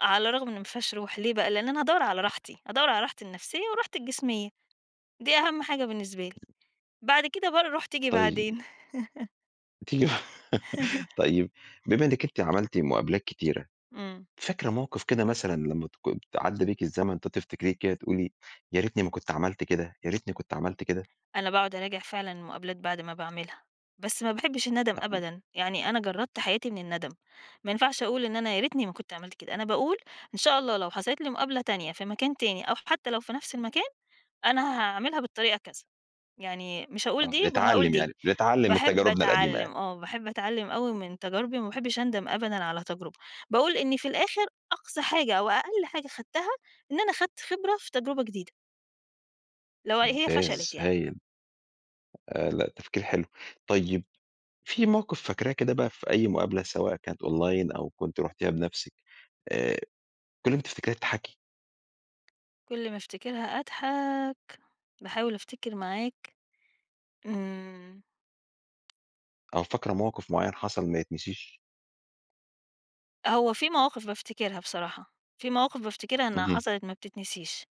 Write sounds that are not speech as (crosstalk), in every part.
على رغم إنّه ما فيهاش روح ليه بقى؟ لأن أنا هادوّر على (unintelligible) راحتي، أدوّر على راحتي النفسيّة وراحتي الجسميّة، دي أهم حاجة بالنسبة لي، بعد كده بقى الروح تيجي طيّب. بعدين. (laughs) تي (laughs) (laughs) طيّب، بما إنّك أنت عملتِ مقابلات كتيرة، إمم. فاكرة موقف كده مثلًا لمّا تك ت عدّى بيكِ الزمن كده ت تفتكريه تقولي يا ريتني ما كنت عملت كده، يا ريتني كنت عملت كده؟ أنا باقعد أراجع فعلًا المقابلات بعد ما باعملها، بس ما باحبش الندّم آه. أبدًا، يعني أنا جرّدت حياتي من الندم، ما ينفعش أقول إن أنا يا ريتني ما كنت عملت كده، أنا باقول إن شاء الله لو حصلت لي مقابلة تانية في مكان تاني أو حتّى لو في نَفْس المكان، أنا هاعملها بالطريقة كذا، يعني مش هاقول آه، دي وهاقول بنتعلِّم دي، يعني، بنتعلِّم من باحب تجاربنا القديمة أتعلِّم، يعني. آه، باحب أتعلِّم أوي من تجاربي وما باحبش أندم أبدًا على تجربة، باقول إنّي في الآخر أقصى حاجة أو أقل حاجة خدْتها إن أنا خدْت خبرة في تجربة جديدة. لو هي ممتاز فشلت يعني. هايل. آآ، لأ تفكير حلو. طيّب في موقف فاكراه كده بقى في أي مقابلة، سواء كانت online أو كنتِ رُحتيها بنَفْسِك، آآ، كُلّ ما تفتكريها تضحكي. كل ما افتكرها أضحك، باحاول أفتكر معاك. إمم. أو فاكرة موقف معيّن حصل ما يتنسيش. هو في مواقف بافتكرها بصراحة، في مواقف بافتكرها إنّها اهم. حصلت ما بتتنسيش،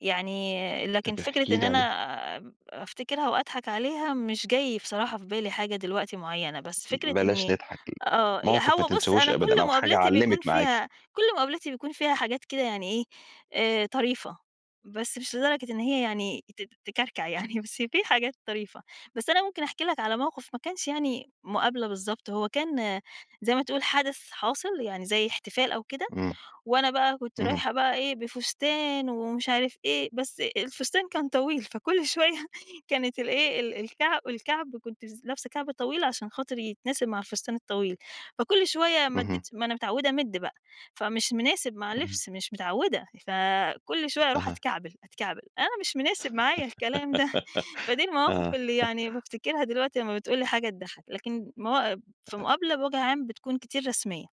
يعني لكن طَب فكرة احكي إن لي أنا عليه. آآ، أفتكرها وأضحك عليها مش جاي بصراحة في بالي حاجة دلوقتي معيّنة، بس فكرة بلاش إنّي نضحك، امم، آه، ي موقف ما هو بُصّ تنسيهوش أنا أبدًا كُلّ أو حاجة مقابلاتي علِّمِت بيكون معاكِ. فيها كُلّ مقابلاتي بيكون فيها حاجات كده يعني إيه آآ، طريفة، بس مش لدرجة إن هي يعني ت تكركع يعني، بس في حاجات طريفة، بس أنا ممكن أحكي لك على موقف ما كانش يعني مقابلة بالضبط، هو كان زي ما تقول حدث حاصل يعني زي احتفال أو كده، إمم. وأنا بقى كنت اهم. رايحة بقى إيه، بفستان ومش عارف إيه، بس الفستان كان طويل، فكُلّ شويّة كانت الإيه ال الكع الكعب، كنت س لابسة كعب طويل عشان خاطر يتناسب مع الفستان الطويل، فكُلّ شويّة اهم. مدّيت ما أنا متعودة أمدّ بقى، فمش مناسب مع امم. اللبس، مش متعودة، فكُلّ شويّة أروح اها. أتكعبل، أتكعبل، أنا مش مناسب معايا الكلام ده، فدي (laughs) المواقف آه. اللي (chuckles) يعني بافتكرها دلوقتي لمّا بتقول لي حاجة تضحّك، لكن موا في آه. مقابلة بوَجه عام بتكون كتير رسميّة.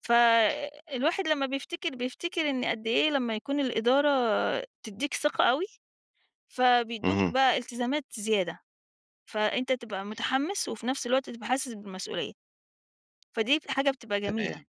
فالواحد لمّا بيفتكر، بيفتكر إن قدّ إيه لمّا يكون الإدارة تدّيك ثقة أوي، فبيدّوك اهم. بقى التزامات زيادة، فأنت تبقى متحمّس وفي نَفْس الوقت تبقى حاسس بالمسؤوليّة. فديَّة ال حاجة بتبقى جميلة. تمام.